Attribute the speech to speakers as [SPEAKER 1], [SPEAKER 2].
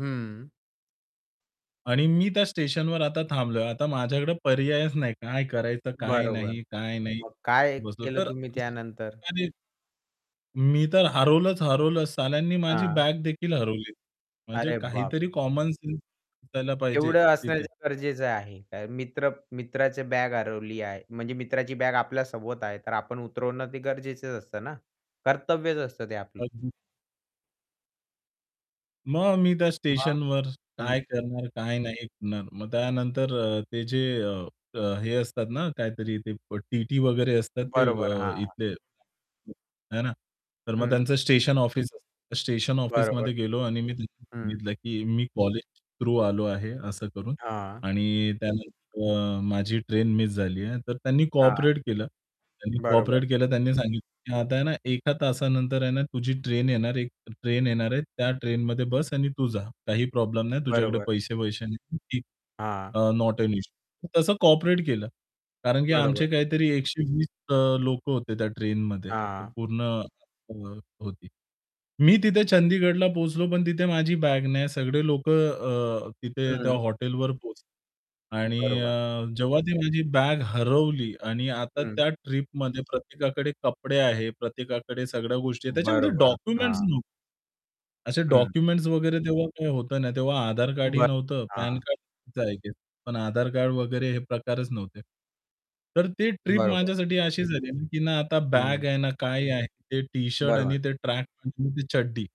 [SPEAKER 1] हं.
[SPEAKER 2] आणि मी त्या स्टेशनवर आता थांबलोय, आता माझ्याकडे पर्यायच नाही काय करायचं? काय
[SPEAKER 1] बरोबर.
[SPEAKER 2] नाही, काय नाही,
[SPEAKER 1] मग काय
[SPEAKER 2] बसलो
[SPEAKER 1] केलं
[SPEAKER 2] तर,
[SPEAKER 1] तुम्ही त्यानंतर?
[SPEAKER 2] त्याने मी तर हरवलंच हरवलं साल्यांनी माझी
[SPEAKER 1] हां.
[SPEAKER 2] बॅग देखील हरवली. म्हणजे
[SPEAKER 1] अरे
[SPEAKER 2] काहीतरी
[SPEAKER 1] बापरे!
[SPEAKER 2] कॉमन सेंस असायला पाहिजे
[SPEAKER 1] तेवढं असणं
[SPEAKER 2] तिथे.
[SPEAKER 1] गरजेचं आहे. मित्र मित्राची बॅग हरवली आहे. म्हणजे मित्राची बॅग आपल्या सोबत आहे तर आपण उतरवणं ते गरजेचं असतं ना. कर्तव्यच असतं ते आपलं.
[SPEAKER 2] अगदी. मग मी त्या
[SPEAKER 1] मग?
[SPEAKER 2] स्टेशनवर
[SPEAKER 1] हं.
[SPEAKER 2] काय करणार काय नाही करणार. मग त्यानंतर अ, ते जे अ, हे असतात ना, काहीतरी ते टीटी वगैरे असतात ते
[SPEAKER 1] बरोबर. हां, हां.
[SPEAKER 2] इथले है ना, तर मग
[SPEAKER 1] हं.
[SPEAKER 2] त्यांचं स्टेशन ऑफिस असतं स्टेशन
[SPEAKER 1] बरोबर.
[SPEAKER 2] ऑफिसमध्ये गेलो आणि मी त्यांना
[SPEAKER 1] हं.
[SPEAKER 2] सांगितलं की मी कॉलेज थ्रू आलो आहे असं करून
[SPEAKER 1] हां.
[SPEAKER 2] आणि त्यानंतर अ, माझी ट्रेन मिस झाली आहे तर त्यांनी
[SPEAKER 1] हां.
[SPEAKER 2] कोऑपरेट केलं त्यांनी
[SPEAKER 1] बरोबर.
[SPEAKER 2] कोऑपरेट केलं त्यांनी सांगितलं की आता आहे ना, एका तासानंतर आहे ना, तुझी ट्रेन येणार एक ट्रेन येणार आहे त्या ट्रेनमध्ये बस आणि तू जा काही प्रॉब्लेम नाही तुझ्याकडे
[SPEAKER 1] बरोबर.
[SPEAKER 2] पैसे पैसे नाही.
[SPEAKER 1] हां.
[SPEAKER 2] अ, "नॉट ॲन इश्यू" तसं कॉऑपरेट केलं. कारण की आमचे
[SPEAKER 1] बरोबर.
[SPEAKER 2] काहीतरी 120 अ, लोकं होते त्या ट्रेनमध्ये
[SPEAKER 1] हां.
[SPEAKER 2] पूर्ण अ, होती. मी तिथे चंदीगडला पोहोचलो पण तिथे माझी बॅग नाही सगळे लोकं अ, तिथे त्या
[SPEAKER 1] हं.
[SPEAKER 2] हॉटेलवर पोहोचले आणि
[SPEAKER 1] बरोबर.
[SPEAKER 2] अ, जेव्हा ती माझी बॅग हरवली आणि आता
[SPEAKER 1] हं.
[SPEAKER 2] त्या ट्रिपमध्ये प्रत्येकाकडे कपडे आहेत, प्रत्येकाकडे सगळ्या गोष्टी आहेत त्याच्यामध्ये
[SPEAKER 1] बरोबर.
[SPEAKER 2] डॉक्युमेंट्स
[SPEAKER 1] हां.
[SPEAKER 2] नव्हते. असे
[SPEAKER 1] हं.
[SPEAKER 2] डॉक्युमेंट्स वगैरे तेव्हा काही होतं नाही तेव्हा आधार कार्डही
[SPEAKER 1] ब
[SPEAKER 2] नव्हतं,
[SPEAKER 1] हां.
[SPEAKER 2] पॅन कार्ड होतं आय गेस. पण आधार कार्ड वगैरे हे प्रकारच नव्हते. तर ते ट्रिप
[SPEAKER 1] बरोबर.
[SPEAKER 2] माझ्यासाठी अशी झाली ना, की ना, आता बॅग
[SPEAKER 1] हं.
[SPEAKER 2] आहे ना काय आहे ते टी-शर्ट
[SPEAKER 1] बरोबर.
[SPEAKER 2] आणि ते ट्रॅक पँट आणि ते चड्डी